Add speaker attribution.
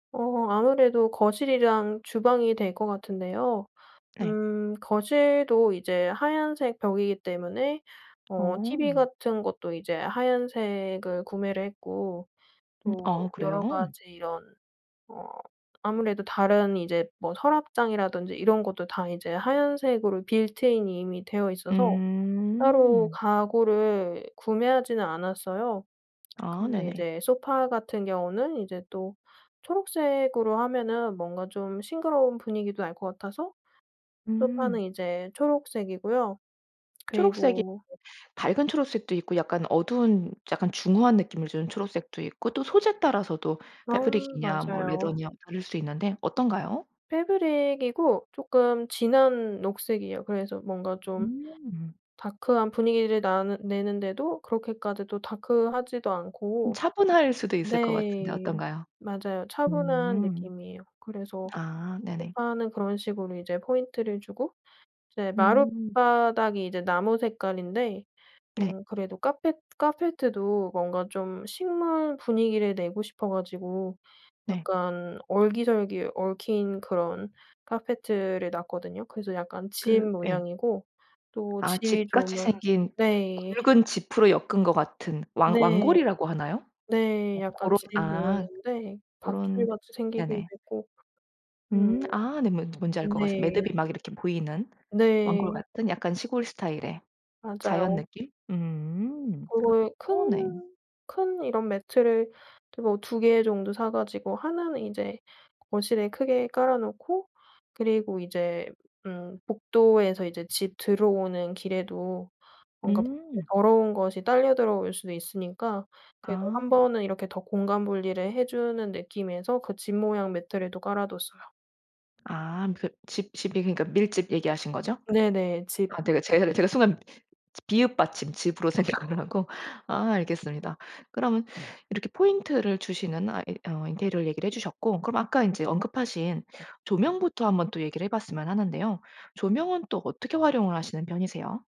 Speaker 1: 어 아무래도 거실이랑 주방이 될 것 같은데요.
Speaker 2: 네.
Speaker 1: 음 거실도 이제 하얀색 벽이기 때문에 어 티브이
Speaker 2: 어.
Speaker 1: 같은 것도 이제 하얀색을 구매를 했고
Speaker 2: 음
Speaker 1: 또
Speaker 2: 아 그래요?
Speaker 1: 여러 가지 이런 어 아무래도 다른 이제 뭐 서랍장이라든지 이런 것도 다 이제 하얀색으로 빌트인이 이미 되어 있어서 따로
Speaker 2: 음.
Speaker 1: 가구를 구매하지는 않았어요.
Speaker 2: 아
Speaker 1: 근데
Speaker 2: 네네.
Speaker 1: 이제 소파 같은 경우는 이제 또 초록색으로 하면은 뭔가 좀 싱그러운 분위기도 날 것 같아서 소파는
Speaker 2: 음.
Speaker 1: 이제 초록색이고요.
Speaker 2: 초록색이
Speaker 1: 그리고
Speaker 2: 밝은 초록색도 있고 약간 어두운 약간 중후한 느낌을 주는 초록색도 있고 또 소재에 따라서도
Speaker 1: 아
Speaker 2: 패브릭이냐 뭐
Speaker 1: 맞아요.
Speaker 2: 레더냐 다를 수 있는데 어떤가요?
Speaker 1: 패브릭이고 쪼끔 진한 녹색이에요. 그래서 뭔가 좀
Speaker 2: 음.
Speaker 1: 다크한 분위기를 나는 내는데도 그렇게까지 또 다크하지도
Speaker 2: 좀
Speaker 1: 않고
Speaker 2: 차분할 수도 있을 것 같은데
Speaker 1: 네
Speaker 2: 어떤가요?
Speaker 1: 맞아요. 차분한
Speaker 2: 음.
Speaker 1: 느낌이에요. 그래서
Speaker 2: 아 네네.
Speaker 1: 소파는 그런 식으로 이제 포인트를 주고 이제
Speaker 2: 음.
Speaker 1: 마룻바닥이 이제 나무 색깔인데
Speaker 2: 네.
Speaker 1: 어 그래도 카펫 카페트 도 뭔가 좀 식물 분위기를 내고 싶어 가지고
Speaker 2: 네.
Speaker 1: 약간 얼기설기 얽힌 그런 카페트 를 놨거든요. 그래서 약간 짚
Speaker 2: 그 예.
Speaker 1: 모양이고 또
Speaker 2: 아
Speaker 1: 집이
Speaker 2: 짚같이
Speaker 1: 좋으면
Speaker 2: 생긴
Speaker 1: 네.
Speaker 2: 굵은 짚으로 엮은 것 같은 왕
Speaker 1: 네.
Speaker 2: 왕골이라고 하나요? 어
Speaker 1: 네 약간
Speaker 2: 고런
Speaker 1: 짚
Speaker 2: 아
Speaker 1: 모양인데
Speaker 2: 고런
Speaker 1: 밧줄같이 생기게
Speaker 2: 네네.
Speaker 1: 되고 음.
Speaker 2: 음 아 네. 뭔 뭔지 알 것 같습
Speaker 1: 네.
Speaker 2: 매듭이 막 이렇게 보이는 왕골
Speaker 1: 네.
Speaker 2: 같은 약간 시골 스타일의 자연
Speaker 1: 맞아요.
Speaker 2: 느낌? 음
Speaker 1: 그거에
Speaker 2: 어 네.
Speaker 1: 큰 큰 이런 매트를 이제 뭐 2 개 정도 사 가지고 1 는 인제 거실에 크게 깔아 놓고 그리고 이제 음 복도에서 이제 집 들어오는 길에도 뭔가 혹시
Speaker 2: 음.
Speaker 1: 더러운 것이 딸려 들어올 수도 있으니까 그래도 1
Speaker 2: 아.
Speaker 1: 번은 이렇게 더 공간 분리를 해 주는 느낌에서 그 짚 모양 매트를 또 깔아 뒀어요.
Speaker 2: 아 그 짚 짚이 그니까 밀짚 얘기하신 거죠?
Speaker 1: 네네. 짚.
Speaker 2: 아 내가 제가 를 제가 순간 비읍 받침 즙으로 생각을 하고. 아 알겠습니다. 그럼 이렇게 포인트를 주시는 아 이 어 인테리어를 얘기를 해 주셨고 그럼 아까 인제 언급하신 조명부터 한번 또 얘기를 해 봤으면 하는데요. 조명은 또 어떻게 활용을 하시는 편이세요?